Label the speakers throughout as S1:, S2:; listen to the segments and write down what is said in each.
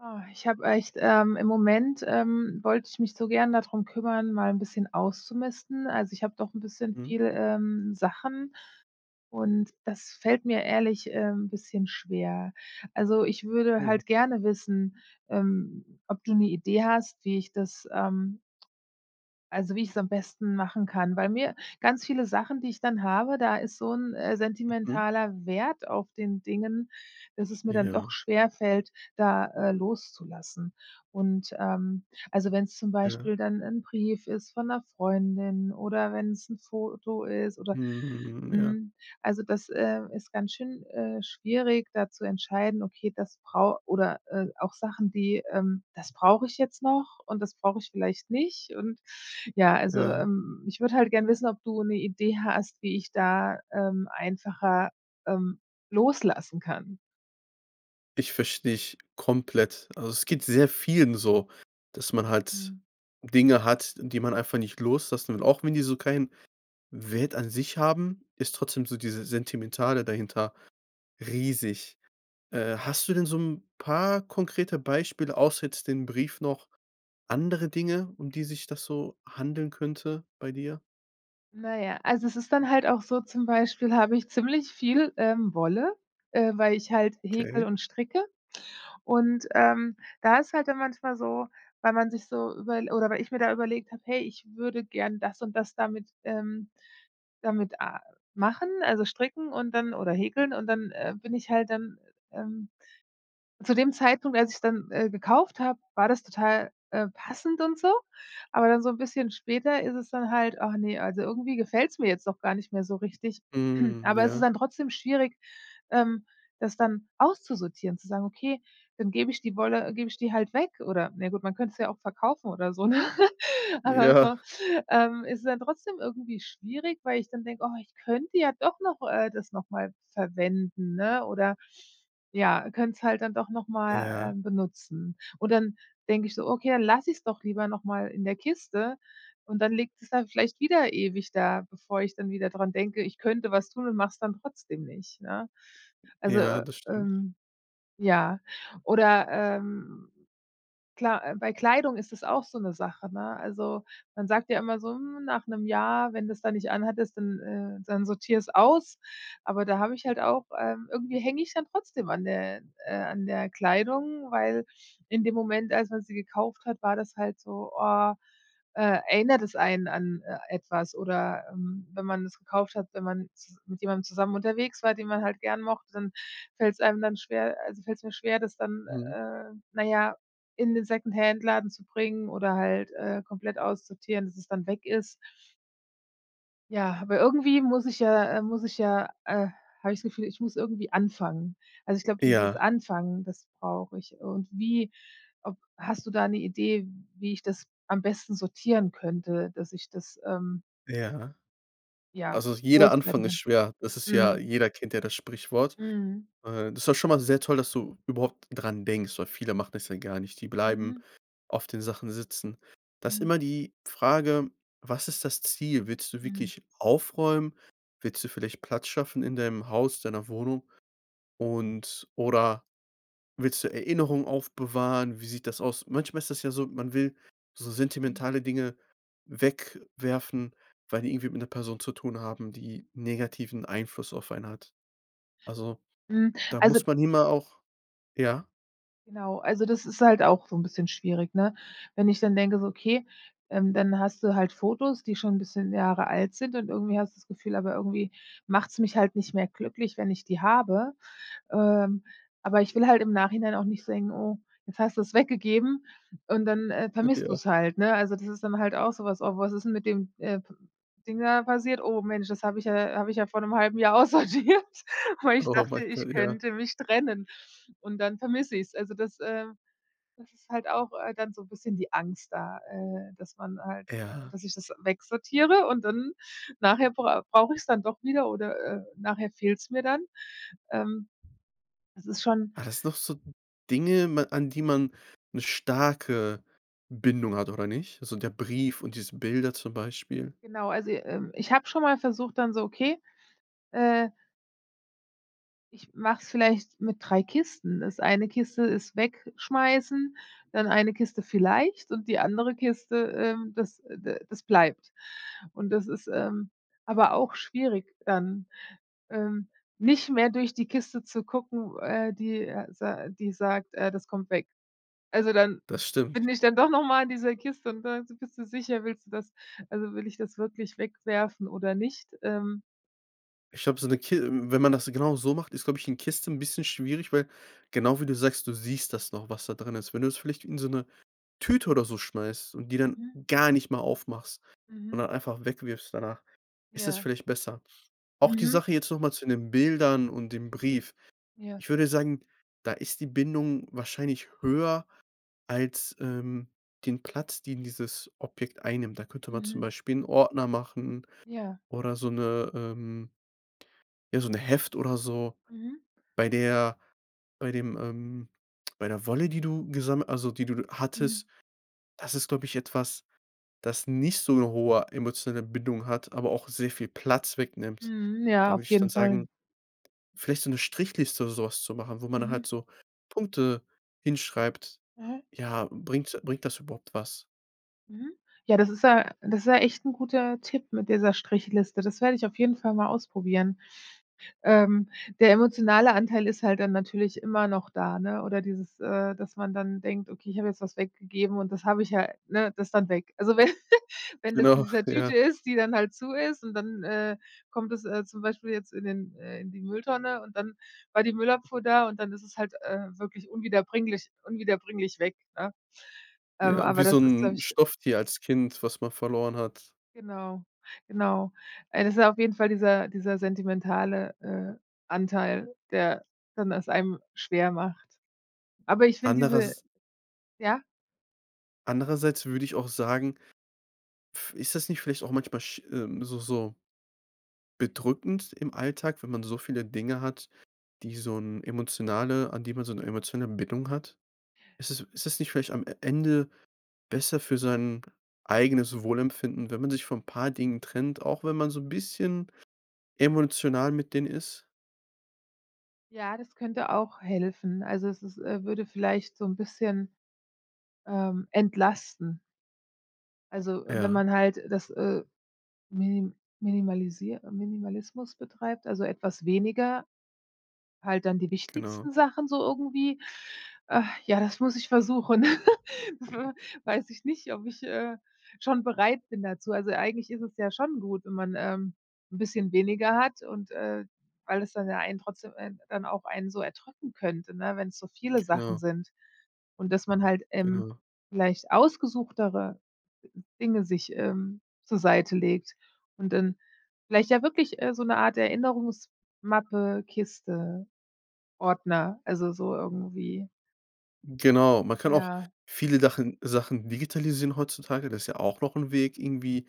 S1: Ah, ich habe echt ähm, im Moment, ähm, wollte ich mich so gern da drum kümmern, mal 'n bisschen auszumisten. Also, ich habe doch 'n bisschen
S2: Mhm.
S1: viel, ähm, Sachen und das fällt mir ehrlich, ähm, bisschen schwer. Also, ich würde
S2: Oh.
S1: halt gerne wissen, ähm, ob du 'ne Idee hast, wie ich das, ähm also, wie ich es am besten machen kann. Weil mir ganz viele Sachen, die ich dann habe, da ist so 'n, äh,
S2: Mhm.
S1: sentimentaler Wert auf den Dingen, dass es mir dann doch
S2: Ja.
S1: schwer fällt, da, äh, loszulassen. Und, ähm also, wenn's zum
S2: Ja.
S1: Beispiel dann 'n Brief ist von 'ner Freundin oder wenn's 'n Foto ist oder
S2: Mhm, mhm, ja.
S1: mhm, also, das, äh, ist ganz schön, äh, schwierig, da zu entscheiden, okay, das brau oder, äh, auch Sachen, die, ähm das brauche ich jetzt noch und das brauche ich vielleicht nicht und ja, also,
S2: Ja.
S1: ähm, ich würde halt gern wissen, ob du 'ne Idee hast, wie ich da, ähm, einfacher, ähm, loslassen kann.
S2: Ich verstehe dich komplett. Also, es geht sehr vielen so, dass man halt
S1: Mhm.
S2: Dinge hat, die man einfach nicht loslassen. Und auch wenn die so kein Wert an sich haben, ist trotzdem so diese Sentimentale dahinter riesig. Äh, hast du denn so 'n paar konkrete Beispiele, außer jetzt dem Brief noch andere Dinge, um die sich das so handeln könnte bei dir?
S1: Na ja, also, es ist dann halt auch so, zum Beispiel habe ich ziemlich viel, ähm, Wolle, äh, weil ich halt häkle
S2: Okay.
S1: und stricke. Und, ähm, da ist halt dann manchmal so, weil man sich so überl oder weil ich mir da überlegt habe: „Hey, ich würde gern das und das damit, ähm damit a machen“, also, Stricken und dann oder Häkeln und dann, äh, bin ich halt dann, ähm zu dem Zeitpunkt, als ich dann, äh, gekauft habe, war das total, äh, passend und so. Aber dann so bisschen später ist es dann halt: „Ach ne, also irgendwie gefällt's mir jetzt doch gar nicht mehr so richtig.“
S2: Mhm.
S1: Aber es ist
S2: Ja.
S1: dann trotzdem schwierig, ähm, das dann auszusortieren, zu sagen: „Okay, dann gebe ich die Wolle gebe ich die halt weg“ oder ne gut, man könnte es ja auch verkaufen oder so, ne? Aber
S2: Ja.
S1: so, ähm, ist dann trotzdem irgendwie schwierig, weil ich dann denke: „Oh, ich könnte ja doch noch, äh, das noch mal verwenden, ne?“ Oder ja, könnte es halt dann doch noch mal,
S2: Ja.
S1: ähm, benutzen. Und dann denke ich so: „Okay, dann lasse ich es doch lieber noch mal in der Kiste.“ Und dann liegt es dann vielleicht wieder ewig da, bevor ich dann wieder dran denke, ich könnte was tun und mache es dann trotzdem nicht, ne? Also,
S2: Ja, das stimmt.
S1: ähm ja oder, ähm, klar, äh, bei Kleidung ist das auch so 'ne Sache, ne? Also, man sagt ja immer so: „Mm, nach 1 Jahr, wenn das da nicht anhattest, dann ähm, dann sortiere es aus,“ aber da habe ich halt auch, ähm irgendwie hänge ich dann trotzdem an der äh, an der Kleidung, weil in dem Moment, als man sie gekauft hat, war das halt so, oh, äh, erinnert das einen an, äh, etwas oder ähm, wenn man das gekauft hat, wenn man z mit jemandem zusammen unterwegs war, den man halt gern mochte, dann fällt's einem dann schwer also, fällt es mir schwer, das dann,
S2: Mhm.
S1: äh, na ja, in den Secondhandladen zu bringen oder halt, äh, komplett aussortieren, dass es dann weg ist. Ja, aber irgendwie muss ich ja, äh muss ich ja, äh habe ich das Gefühl, ich muss irgendwie anfangen. Also, ich glaube, dieses
S2: Ja.
S1: Anfangen, das brauche ich. Und wie ob hast du da 'ne Idee, wie ich das am besten sortieren könnte, dass ich das, ähm
S2: Ja.
S1: ja,
S2: Also, jeder
S1: loswerden
S2: Anfang ist
S1: kann?
S2: schwer. Das ist ja
S1: Mhm.
S2: jeder kennt ja das Sprichwort.
S1: Mhm.
S2: Äh, das ist doch schon mal sehr toll, dass du überhaupt dran denkst, weil viele machen das ja gar nicht. Die bleiben
S1: Mhm.
S2: auf den Sachen sitzen. Da ist
S1: Mhm.
S2: immer die Frage, was ist das Ziel? Willst du
S1: Mhm.
S2: wirklich aufräumen? Willst du vielleicht Platz schaffen in deinem Haus, deiner Wohnung und oder willst du Erinnerungen aufbewahren? Wie sieht das aus? Manchmal ist das ja so, man will so
S1: Mhm.
S2: sentimentale Dinge wegwerfen, weil die irgendwie mit 'ner Person zu tun haben, die negativen Einfluss auf einen hat. Also,
S1: Mhm,
S2: da
S1: also
S2: muss man immer auch ja?
S1: Genau, also, das ist halt auch so 'n bisschen schwierig, ne? Wenn ich dann denke, so okay, ähm, dann hast du halt Fotos, die schon 'n bisschen Jahre alt sind und irgendwie hast du das Gefühl, aber irgendwie macht's mich halt nicht mehr glücklich, wenn ich die habe. Ähm. Aber ich will halt im Nachhinein auch nicht denken: „Oh, jetzt hast du's weggegeben“ und dann, äh,
S2: Ach,
S1: vermisst
S2: ja.
S1: du's halt, ne? Also, das ist dann halt auch so was: „Oh, was ist denn mit dem, äh, Ding da passiert? Oh, Mensch, das habe ich ja habe ich ja vor 'nem 1/2 Jahr aussortiert, weil ich
S2: Oh,
S1: dachte,
S2: mein
S1: ich
S2: Gott, ja.
S1: könnte mich trennen und dann vermisse ich es.“ Also, das, ähm das ist halt auch, äh, dann so bisschen die Angst da, äh, dass man halt, äh
S2: Ja.
S1: dass ich das wegsortiere und dann nachher brau brauche ich es dann doch wieder oder, äh, nachher fehlt's mir dann. Ähm. Das ist schon
S2: Ah, das ist noch so Dinge, ma an die man 'ne starke Bindung hat oder nicht? Also, der Brief und diese Bilder zum Beispiel?
S1: Genau, also, ähm, ich habe schon mal versucht dann so, okay, äh ich mache es vielleicht mit 3 Kisten. Das eine Kiste ist Wegschmeißen, dann eine Kiste vielleicht und die andere Kiste, ähm, das, äh, d das bleibt. Und das ist, ähm, aber auch schwierig dann, ähm, nicht mehr durch die Kiste zu gucken, äh, die, äh, s äh, die sagt äh, das kommt weg. Also, dann
S2: Das stimmt.
S1: bin ich dann doch noch mal in dieser Kiste und [unintelligible] bist du sicher, willst du das? Also, will ich das wirklich wegwerfen oder nicht, ähm
S2: Ich habe so 'ne Ki wenn man das genau so macht, ist, glaube ich 'ne Kiste 'n bisschen schwierig, weil genau wie du sagst, du siehst das noch, was da drin ist. Wenn du es vielleicht in so 'ne Tüte oder so schmeißt und die dann
S1: Mhm.
S2: gar nicht mehr aufmachst und
S1: Mhm.
S2: dann einfach weg wirfst danach, ist das
S1: Ja.
S2: vielleicht besser. Auch die
S1: Mhm.
S2: Sache jetzt noch mal zu den Bildern und dem Brief.
S1: Ja.
S2: Ich würde sagen, da ist die Bindung wahrscheinlich höher als, ähm, den Platz, den dieses Objekt einnimmt. Da könnte man zum
S1: Mhm.
S2: Beispiel 'n Ordner machen
S1: Ja.
S2: oder so 'ne, ähm ja, so 'ne Heft oder so.
S1: Mhm.
S2: Bei der bei dem, ähm bei der Wolle, die du gesamm also, die du hattest,
S1: Mm.
S2: das ist, glaube ich, etwas, das nicht so `ne hohe emotionale Bindung hat, aber auch sehr viel Platz wegnimmt.
S1: Mhm.
S2: Da
S1: Ja,
S2: würde
S1: auf
S2: ich dann
S1: jeden Fall.
S2: sagen, vielleicht so 'ne Strichliste oder so was zu machen, wo man
S1: Mhm.
S2: halt so Punkte hinschreibt,
S1: Aha.
S2: ja, bringt bringt das überhaupt was?
S1: Mhm. Ja, das ist ja das ist ja echt 'n guter Tipp mit dieser Strichliste. Das werde ich auf jeden Fall mal ausprobieren. Ähm. Der emotionale Anteil ist halt dann natürlich immer noch da, ne? Oder dieses, äh, dass man dann denkt: „Okay, ich habe jetzt was weggegeben und das habe ich ja ne, das dann weg.“ Also, wenn wenn das in
S2: Genau.
S1: dieser Tüte
S2: Ja.
S1: ist, die dann halt zu ist und dann, äh, kommt es, äh, zum Beispiel jetzt in den äh, in die Mülltonne und dann war die Müllabfuhr da und dann ist es halt, äh, wirklich unwiederbringlich unwiederbringlich weg, ne? Ähm,
S2: Ja,
S1: aber
S2: wie
S1: das
S2: so
S1: ist, glaube
S2: 'n
S1: ich
S2: Stofftier als Kind, was man verloren hat.
S1: Genau, genau. Es ist ja auf jeden Fall dieser dieser sentimentale, äh, Anteil, der dann das einem schwer macht. Aber ich finde diese
S2: Anderers
S1: ja?
S2: andererseits würde ich auch sagen, pf ist das nicht vielleicht auch manchmal sch äh, so so bedrückend im Alltag, wenn man so viele Dinge hat, die so 'n emotionale an die man so 'ne emotionale Bindung hat? Ist es ist es nicht vielleicht am E Ende besser für sein eigenes Wohlempfinden, wenn man sich von 'n paar Dingen trennt, auch wenn man so 'n bisschen emotional mit denen ist?
S1: Ja, das könnte auch helfen. Also es ist, äh würde vielleicht so 'n bisschen, ähm, entlasten. Also, wenn
S2: Ja.
S1: man halt das, äh, mini minimalisiert Minimalismus betreibt, also, etwas weniger, halt dann die
S2: Genau.
S1: wichtigsten Sachen so irgendwie. Ach, ja, das muss ich versuchen. W weiß ich nicht, ob ich, äh, schon bereit bin dazu. Also, eigentlich ist es ja schon gut, wenn man, ähm, 'n bisschen weniger hat und, äh weil es dann ja einen trotzdem ein dann auch einen so erdrücken könnte, ne, wenn's so viele Sachen
S2: Genau.
S1: sind. Und dass man halt, ähm,
S2: Genau.
S1: vielleicht ausgesuchtere Dinge sich, ähm, zur Seite legt und dann vielleicht ja wirklich, äh, so 'ne Art Erinnerungsmappe, Kiste, Ordner, also, so irgendwie.
S2: Genau, man kann auch
S1: Ja.
S2: viele Dachen Sachen digitalisieren heutzutage. Das ist ja auch noch 'n Weg irgendwie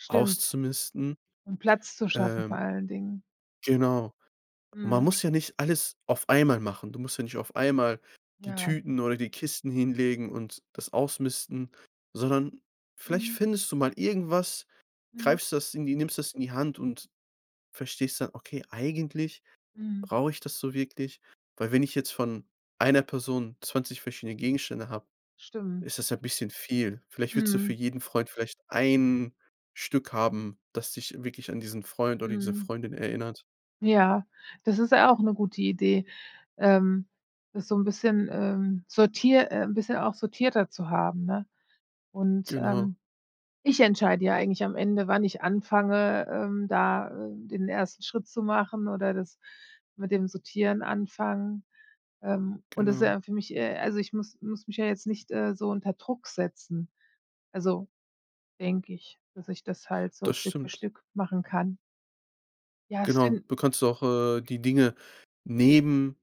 S1: Stimmt.
S2: auszumisten.
S1: Um Platz zu schaffen
S2: Ähm
S1: vor allen Dingen.
S2: Genau. Man
S1: Mhm.
S2: muss ja nicht alles auf einmal machen. Du musst ja nicht auf einmal die
S1: Ja.
S2: Tüten oder die Kisten hinlegen und das ausmisten, sondern vielleicht
S1: Mhm.
S2: findest du mal irgendwas,
S1: Mhm.
S2: greifst das in die nimmst das in die Hand und verstehst dann: „Okay, eigentlich
S1: Mhm.
S2: brauche ich das so wirklich?“ Weil wenn ich jetzt von einer Person 20 verschiedene Gegenstände habe,
S1: Stimmt.
S2: ist das ja bisschen viel. Vielleicht willst du für
S1: Mhm.
S2: jeden Freund vielleicht 1 Stück haben, das dich wirklich an diesen Freund oder diese
S1: Mhm.
S2: Freundin erinnert.
S1: Ja, das ist ja auch 'ne gute Idee, ähm, das so 'n bisschen, ähm, sortier äh, 'n bisschen auch sortierter zu haben, ne? Und,
S2: Genau.
S1: ähm, ich entscheide ja eigentlich am Ende, wann ich anfange, ähm, da, äh, den 1. Schritt zu machen oder das mit dem Sortieren anfangen. Ähm. Und das ist
S2: Genau.
S1: ja für mich, äh also ich muss muss mich ja jetzt nicht, äh, so unter Druck setzen, also, denke ich, dass ich das halt so
S2: Das
S1: Stück für
S2: stimmt.
S1: Stück machen kann. Ja, das
S2: Genau,
S1: fin
S2: du kannst auch, äh, die Dinge neben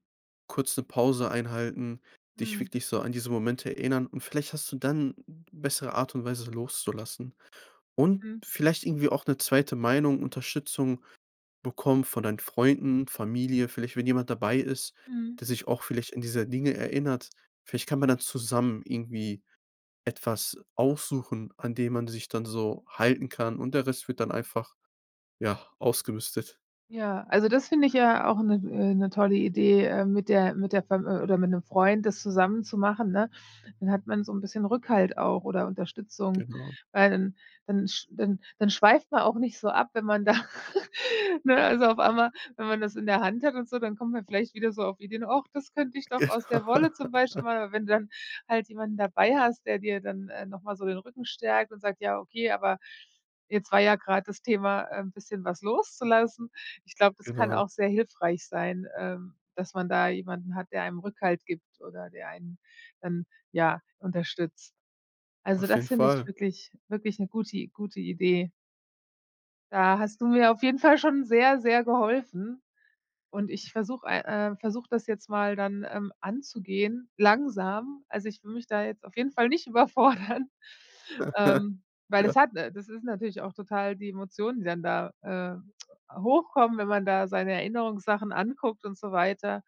S2: kurz 'ne Pause einhalten, dich
S1: Mhm.
S2: wirklich so an diese Momente erinnern. Und vielleicht hast du dann bessere Art und Weise loszulassen und
S1: Mhm.
S2: vielleicht irgendwie auch 'ne 2. Meinung Unterstützung bekommen von deinen Freunden, Familie. Vielleicht wenn jemand dabei ist,
S1: Mhm.
S2: der sich auch vielleicht an dieser Dinge erinnert. Vielleicht kann man dann zusammen irgendwie etwas aussuchen, an dem man sich dann so halten kann und der Rest wird dann einfach, ja, ausgemistet.
S1: Ja, also, das finde ich ja auch 'ne, äh 'ne, tolle Idee, äh, mit der mit der F oder mit 'nem Freund das zusammen zu machen, ne? Dann hat man so 'n bisschen Rückhalt auch oder Unterstützung,
S2: Genau.
S1: weil dann dann sch dann dann schweift man auch nicht so ab, wenn man da ne, also, auf einmal, wenn man das in der Hand hat und so, dann kommt man vielleicht wieder so auf Ideen: „Ach, das könnte ich doch aus der
S2: Gena
S1: Wolle zum Beispiel machen.“ Aber wenn dann halt jemanden dabei hast, der dir dann, ähm, noch mal so den Rücken stärkt und sagt: „Ja okay, aber jetzt war ja grad das Thema, äh, 'n bisschen was loszulassen.“ Ich glaube, das kann
S2: Genau.
S1: auch sehr hilfreich sein, ähm, dass man da jemanden hat, der einem Rückhalt gibt oder der einen dann, ja, unterstützt. Also,
S2: Auf
S1: das
S2: jeden
S1: finde ich
S2: Fall.
S1: wirklich wirklich 'ne gute I gute Idee. Da hast du mir auf jeden Fall schon sehr, sehr geholfen und ich versuche ei äh, versuche das jetzt mal dann, ähm, anzugehen, langsam. Also, ich würde mich da jetzt auf jeden Fall nicht überfordern, ähm, weil das
S2: Ja.
S1: hat das ist natürlich auch total die Emotionen, die dann da, äh, hochkommen, wenn man da seine Erinnerungssachen anguckt und so weiter,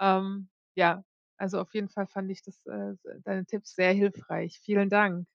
S1: ähm, ja, also, auf jeden Fall fand ich das, äh, sei deine Tipps sehr hilfreich. Vielen Dank.